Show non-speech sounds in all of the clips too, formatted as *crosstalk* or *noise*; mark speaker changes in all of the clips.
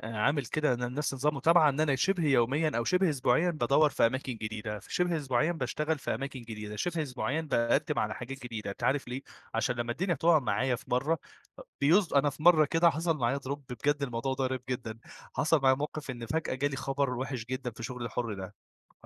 Speaker 1: آآ عامِل كده ل لنفْسي نظام متابعة إن أنا شِبْه يوميًا، أو شِبْه إسبوعيًا بادوّر في أماكن جديدة، فشِبْه إسبوعيًا باشتغل في أماكن جديدة، شِبْه إسبوعيًا باقدّم على حاجات جديدة، أنتَ عارف ليه؟ عشان لمَّا الدنيا تُقع معايّا في مرة بيص أنا في مرة كده حصل معايا drop بجد الموضوع ده غريب جدًا، حصل معايا موقِف إن فجأة جا لي خبر وِحِش جدًا في شُغلي الحُر ده،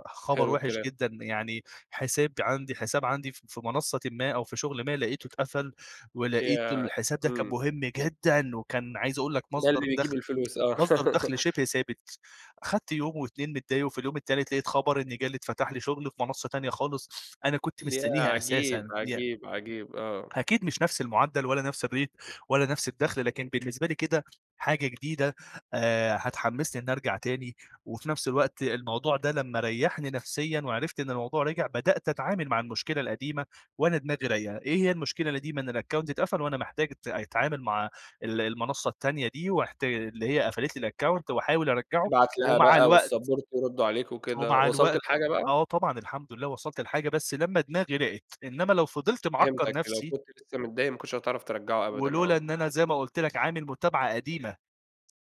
Speaker 1: خبر
Speaker 2: حلْو
Speaker 1: وِحِش
Speaker 2: الكلام.
Speaker 1: جدًا يعني حساب عنْدي حساب عنْدي ف في منصّةٍ ما، أو في شغل ما لقيتُه اتقفل، ولقيتُه
Speaker 2: ياه!
Speaker 1: الحساب ده كان
Speaker 2: إمم.
Speaker 1: مهم جدًا، وكان عايز أقول لَك-
Speaker 2: ده اللي
Speaker 1: مصدَر
Speaker 2: بيجيب
Speaker 1: دخْل،
Speaker 2: الفلوس
Speaker 1: *tsk*
Speaker 2: آه،
Speaker 1: مصدَر
Speaker 2: *laughs*
Speaker 1: دخْل شِبْه ثابت، اخدت يوم و2 متضايق، وفي اليوم التالت لقيت خَبر إني جا لي إتفتح لي شغل في منصّة تانية خالص، أنا كنت
Speaker 2: ياه!
Speaker 1: مستنيها
Speaker 2: عجيب،
Speaker 1: أساسًا، يع
Speaker 2: عجيب، عجيب! آه.
Speaker 1: أكيد مش نفْس المعدَّل، ولا نفس الrate، ولا نفس الدخل، لكن بالنسبة لي كده حاجة جديدة، آآ، هتحمّسني إني ارجع تاني، وفي نفس الوقت الموضوع ده لمَّا ريّحني نفسيًا وعرفْت إن الموضوع رجع؛ بدأت أتعامل مع المشكلة القديمة وانا دماغي رايقة، إيه هي المشكلة القديمة، إن الaccount اتقفل وأنا محتاج أت أتعامل مع ال المنصّة التانية دي وأحت اللي هي قفلت لي الaccount، وأحاول أرجَّعه
Speaker 2: تبْعت لها
Speaker 1: ومع
Speaker 2: بقى،
Speaker 1: الوقت
Speaker 2: والsupport يردّوا عليك وكده.
Speaker 1: ومع
Speaker 2: وصلْت
Speaker 1: الوقت
Speaker 2: لحاجة بقى؟
Speaker 1: آه طبعًا الحمد لله وصلْت لحاجة بس لمَّا دماغي راقت، إنما لو فضلت معكّر
Speaker 2: فهمتَك، لو
Speaker 1: نفسي
Speaker 2: كنت لسه متضايق ما كنتِش هتعرف ترجّعُه أبدًا،
Speaker 1: ولولا إن
Speaker 2: آه.
Speaker 1: أنا زَي ما قلت لَك عامِل متابعة قديمة،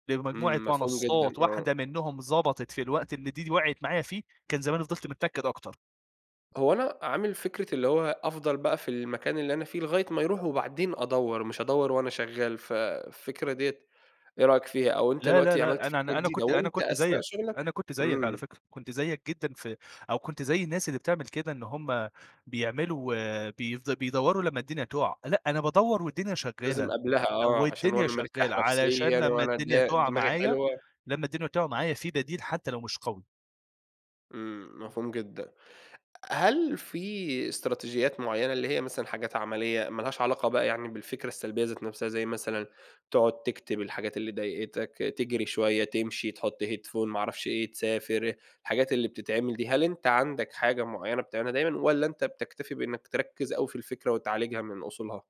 Speaker 1: لمجموعة
Speaker 2: إمم، مفهوم جدًا،
Speaker 1: منصّات
Speaker 2: آه.
Speaker 1: واحدة منّهم ضَبطِت في الوقت اللي د دي وقْعِت معايّا فيه، كان زماني فضِلْت متنكّد أكتر.
Speaker 2: هو أنا عامِل فكْرة اللي هو أفضل بقى في المكان اللي أنا فيه لغاية ما يروح وبعدين أدوّر، مش أدوّر وأنا شغّال، ف فكرة ديَّة إيه رأيك فيها؟ أو أنتَ
Speaker 1: لا، لا،
Speaker 2: دلوقتي عملت
Speaker 1: لأ أنا
Speaker 2: فكرة
Speaker 1: أنا أنا
Speaker 2: جديدة،
Speaker 1: كنت أنا
Speaker 2: وأنتَ
Speaker 1: كنت
Speaker 2: أثناء
Speaker 1: زَيَّك،
Speaker 2: شغلَك
Speaker 1: أنا كنت زِيَّك على
Speaker 2: إمم.
Speaker 1: فكرة، كنت زَيَّك جدًا ف أو كنت زَي الناس اللي بتعمل كده إن هم بيعملوا بيف بيدوّروا لما الدنيا تقع، لأ أنا بادوّر والدنيا
Speaker 2: لازم
Speaker 1: شغّالة،
Speaker 2: قبْلها
Speaker 1: أو
Speaker 2: آه، علشان
Speaker 1: الدنيا
Speaker 2: وانا مرتاح
Speaker 1: شغّالة
Speaker 2: نفسيًا،
Speaker 1: علشان لمَّا
Speaker 2: وأنا د
Speaker 1: الدنيا تقع
Speaker 2: دماغي
Speaker 1: معايّا،
Speaker 2: حلوة.
Speaker 1: لمَّا الدنيا تقع معايّا في بَديل حتى لو مش قوي.
Speaker 2: إمم، مفهوم جدًا. أ هل في إستراتيجيات معيّنة، اللي هي مثلًا حاجات عملية ما لهاش علاقة بقى يعني بالفكرة السلبية ذات نفْسها زي مثلًا: تقعد تكتب الحاجات اللي ضايقتَك، تجري شوية، تمشي، تحط Headphone، ما اعرفش إيه، تسافر- الحاجات اللي بتتعمل دي- هل أنتَ عندَك حاجة معيّنة بتعملها دايمًا، والّا أنتَ بتكتفي بإنك تركّز أوي في الفكرة وتعالجها من أصولها؟